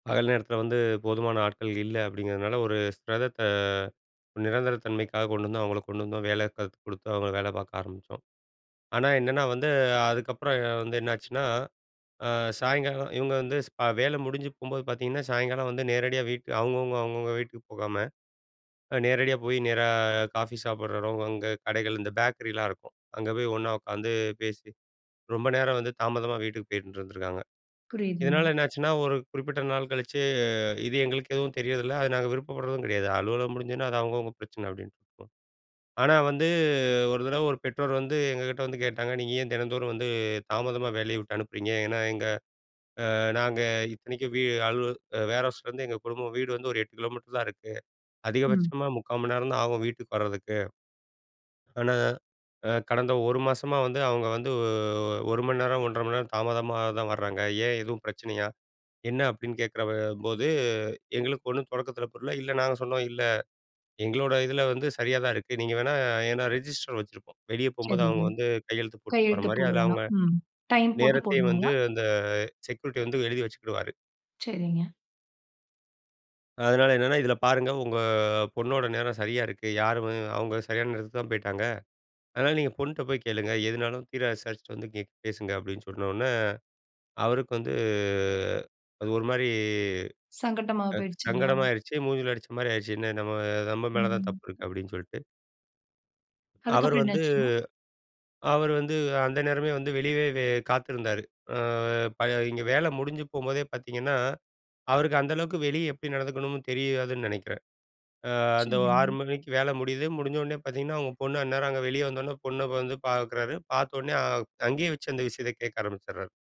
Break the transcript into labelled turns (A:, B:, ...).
A: பகல் நேரத்துல வந்து போதுமான ஆட்கள் இல்ல, அப்டிங்கிறதுனால, ஒரு ஸ்பெரத்த ஒரு நிரந்தர தன்மைக்காக கொண்டு வந்தோம், அவங்கள கொண்டு வந்தோம் வேலை கத்து கொடுத்து அவங்கள வேல பாக்க ஆரம்பிச்சோம். ஆனா, என்னன்னா வந்து அதுக்கப்புறம் வந்து என்னாச்சுனா, ஆ, சாயங்காலம் இவங்க வந்து ஸ் அ வேல முடிஞ்சு போம்போது பாத்தீங்கன்னா, சாயங்காலம் வந்து நேரடியா வீட்டு அவங்கவுங்க, அவங்கவுங்க வீட்டுக்கு போகாம, அ நேரடியா போய் நேரா காஃபி சாப்பிடுறதும், அங்க கடைகள் இந்த பேக்கரிலாம் இருக்கும். அங்க போய் ஒண்ணா உக்காந்து பேசி. ரொம்ப நேரம் வந்து தாமதமா வீட்டுக்கு போயிட்டுருந்துருக்காங்க. இதனால
B: புரியுதுங்க.
A: என்னாச்சுன்னா ஒரு குறிப்பிட்ட நாள் கழிச்சு, இது எங்களுக்கு எதுவும் தெரியர்தில்ல. அது நாங்க விருப்பப்படுறதும் கெடயாது, அலுவலகம் முடிஞ்சுனா அது அவங்கவங்க பிரச்சன அப்டின்ட்டு, ஆனா வந்து ஒரு தடவ ஒரு பெற்றோர் வந்து, எங்ககிட்ட வந்து கேட்டாங்க. நீங்க ஏன் தினந்தோறும் வந்து தாமதமா வேலய விட்டு அனுப்புறீங்க? ஏன்னா எங்க ஆ நாங்க இத்தனைக்கும் வீ அலுவல வேர்ஹவுஸ்லருந்து எங்க குடும்பம், வீடு வந்து ஒரு 8 கிலோமீட்டர் தான் இருக்கு.
B: ம்.
A: அதிகபட்சமாக 0:45 மணி நேரம் தான் ஆகும். வீட்டுக்கு வரதுக்கு. ஆனா, அ கடந்த ஒரு மாதமா வந்து அவங்க வந்து. 1 மணி நேரம் 1:30 மணி நேரம் தாமதமா தான் வர்றாங்க. ஏன் எதுவும் பிரச்சனயா? என்ன அப்டின்னு கேட்குறபோது எங்களுக்கு ஒண்ணும் தொடக்கத்துல புரில. இல்ல நாங்க சொன்னோம், இல்ல எங்களோட இதுல வந்து சரியா தான் இருக்கு. நீங்க வேணா ஏன்னா ரெஜிஸ்டர் வச்சிருப்போம். வெளிய போம்போது
B: செரிங்க.
A: அவங்க வந்து கையெழுத்து போட்டு போற
B: கையெழுத்து
A: மாரி, அதுல அவங்க
B: போடவேணாம், ம். டைம் போட்டு
A: நேரத்தயும் வந்து
B: போடுவாங்களா?
A: அந்த செக்யூரிட்டி வந்து எழுதி வச்சுகிடுவாரு.
B: செரிங்க.
A: அதனால என்னன்னா இதுல பாருங்க. உங்க பொண்ணோட நேரம் செரியா இருக்கு. யாருமே அவங்க செரியான நேரத்துக்கு தான் போய்ட்டாங்க. அதனால நீங்க பொண்ட்ட போய் கேளுங்க. எதுனாலும் தீர விசாரிச்சுட்டு வந்து இங்க பேசுங்க. அப்டின்னு சொன்ன உடனே, அவருக்கு வந்து அது ஒரு மாரி
B: சங்கட்டமா
A: ஆ,
B: போயிடுச்சுங்களா?
A: சங்கடமாயிடுச்சு. மூஞ்சுல அடிச்ச மாரி ஆயிடுச்சு, என்ன நம்ம நம்ம மேல தான்
B: ம்.
A: தப்பு இருக்குனு, அப்டின்னு சொல்ட்டு. அவர்
B: அதுக்கப்புறம் என்ன
A: வந்து
B: ஆச்சாங்க?
A: அவர் வந்து அந்த நேரமே வந்து வெளியவே காத்திருந்தாரு. ஆ, ப இங்க வேலை முடிஞ்சு போம்போதே பாத்தீங்கன்னா, அவருக்கு அந்த அளவுக்கு வெளிய எப்டி நடந்துக்கணும்னு தெரியாதுன்னு நெனைக்குறேன். அ, அந்த 6:00
B: செரிங்க.
A: மணிக்கு வேல முடியுது. முடிஞ்ச உடனே பாத்தீங்கன்னா அவங்க பொண்ணா அந்நேரம் அங்க வெளிய வந்த உடனே, பொண்ண வந்து பாக்குறாரு, பாத்த உடனே அங்கயே வெச்சு அந்த விஷயத்த கேக்க ஆரம்பிச்சிடுறாரு.